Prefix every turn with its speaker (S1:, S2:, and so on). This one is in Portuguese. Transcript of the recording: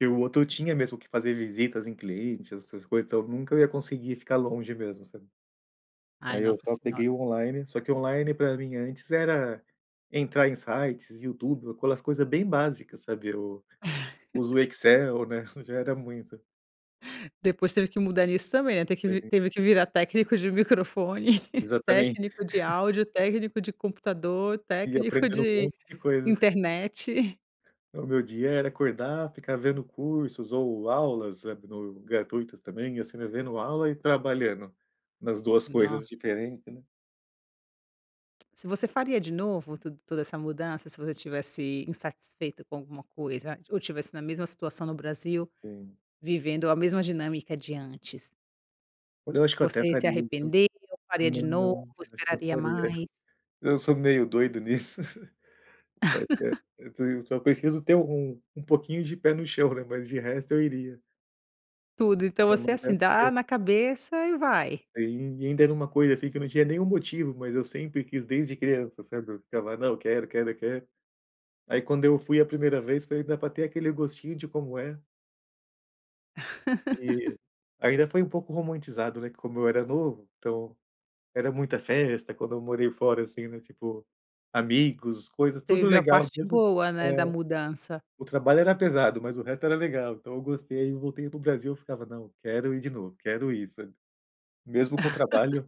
S1: E o outro tinha mesmo que fazer visitas em clientes, essas coisas. Então, nunca eu ia conseguir ficar longe mesmo, sabe.
S2: Ai,
S1: Aí, eu
S2: nossa
S1: só
S2: senhora.
S1: peguei o online. Só que o online pra mim, antes, era entrar em sites, YouTube, ou aquelas coisa bem básicas, sabe, eu uso o Excel, né, já era muito.
S2: Depois teve que mudar nisso, também, ter que vi
S1: Também.
S2: teve que virar técnico de microfone,
S1: Exatamente.
S2: técnico de áudio, técnico de computador,
S1: E eu
S2: técnico
S1: aprendendo um
S2: de
S1: monte de coisa.
S2: internet.
S1: O meu dia era acordar, ficar vendo cursos ou aulas, sabe, no gratuitas, também, assim, né, vendo aula e trabalhando, nas 2 coisas
S2: Nossa.
S1: diferentes, né.
S2: Se você faria de novo, tuda toda essa mudança? Se você estivesse insatisfeito com alguma coisa, ou tivesse na mesma situação no Brasil,
S1: Sim.
S2: vivendo a mesma dinâmica de antes.
S1: Olha, eu acho que eu até
S2: Você se
S1: faria, viu.
S2: arrependeu, faria
S1: Não,
S2: de novo,
S1: não, acho que eu
S2: esperaria
S1: faria.
S2: mais?
S1: Eu sou meio doido nisso. É é e eu te só preciso ter um um pouquinho de pé no chão, né, mas de resto eu iria.
S2: Tudo. Então,
S1: É
S2: você é assim:
S1: [unintelligible]
S2: dá
S1: porque
S2: na cabeça e vai?
S1: É, e ain ainda era uma coisa, assim, que eu não tinha nenhum motivo, mas eu sempre quis desde criança sabe, eu ficava: "Não, quero, quero, quero." Aí, quando eu fui a primeira vez, falei: "Dá para ter aquele gostinho de como é." E, ainda, foi um pouco romantizado, né, como eu era novo, então, era muita festa quando eu morei fora assim né, tipo, amigos, coisas,
S2: Tu
S1: tudo
S2: viveu a
S1: legal
S2: parte
S1: mesmo
S2: boa,
S1: É.
S2: né, da mudança.
S1: O trabalho era pesado, mas o resto era legal, então eu gostei. Aí, eu voltei para o Brasil, ficava: "Não, quero ir de novo, quero ir." Sabe, mesmo com o trabalho.